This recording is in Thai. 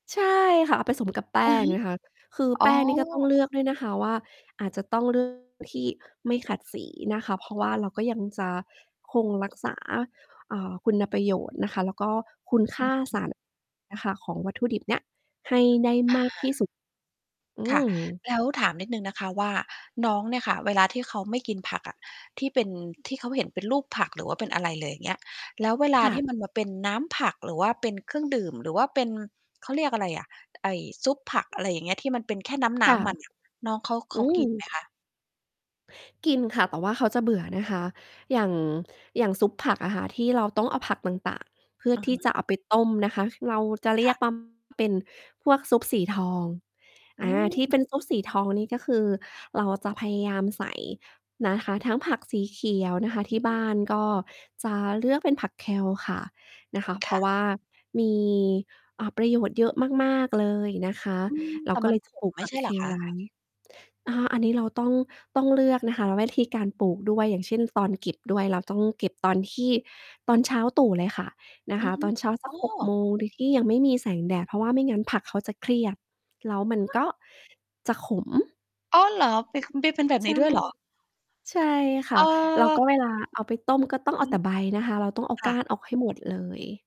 ใช่ค่ะ เอาไปสมกับแป้อืองฮึ น่ะค่ะ คืออ๋อ แป้งนี่ก็ต้องเลือกด้วยนะคะว่า อาจจะต้อง เลือก ที่ไม่ขัดสีนะคะ เพราะว่าเราก็ยังจะคงรักษา อ่า คุณประโยชน์นะคะ แล้วก็คุณคอื่าอฮสาึ ร น่ะค่ะของวัตถุดิบเนี้ยให้ได้อมากที่สา ุด อืค่ะ ม แล้วถามนิดหนึ่งนะคะว่า น้องเนี่ยค่ะ เวลาที่เขาไม่กินผักอะ ที่เป็น ที่เขาเห็นเป็นรูปผักหรือว่าเป็นอะไรเลย เงี้ย แล้วเวลคา่ทีะ ่มันมาเป็นน้ำผักหรือว่าเป็นเครื่องดื่ม หรือว่าเป็น เขาเรียกอะไรอะ ไอ่ ซุปผัก อะไรอย่างเงี้ย ที่มันเป็นแค่นค้่ะ ำ ๆ มัน น่ะ น้องเขา เขอืากิน ไหม มคะ? กินค่ะ แต่ว่าเขาจะเบื่อนะคะ อย่าง อย่างซุปผักอะค่ะ ที่เราต้องเอาผักต่าง ๆ เพื่ออะทฮี่ะ จะเอาไปต้มนะคะ ค เราจะเรคี่ยะ กว่า ปัม เป็นพวกซุปสีทอง อือา ที่ม เป็นซุปสีทองนี่ก็คือเราจะพยายามใส่นะคะทั้งผักสีเขียวนะคะ อทืีอ่ฮบึ ้านก็จะเลือกเป็นผัก Kale ค่ะ นะคะ เคพรา่ะ ะว่ามี อ่า ประโยชน์เยอะมาก ๆ เลยนะคะ อืม เแรตา่ก็มัเลน ยขจะปม ลูกไม่ผัใก ช่เหรอคKale ไวะ? ้ อา อันนี้เราต้อง ต้องเลือกนะคะวิธี การปลูกด้วย อย่างเช่น ตอนเก็บด้วย เราต้องเก็บตอนที่ ตอนเช้าตรู่เลยค่ะ นะอืคอะ ฮึ ตอนเช้า สัอก ๋6 โอ มง โดย ที่ยังไม่มีแสงแดด เพราะว่าไม่งั้นผักเขาจะเครียด แล้วมันฮกะ? ็ จะขม อ้อ เหรอ? เป็น ค มีเป็นแบบใชนี่ ้ด้วย เหรอ? ใช่ค่ะ แล้วก็เออ เวลาเอาไปต้ม ก็ต้องอเอืาแตม ่ใบนะคะ เราต้องเอาคก่้าะ นออกให้หมดเลย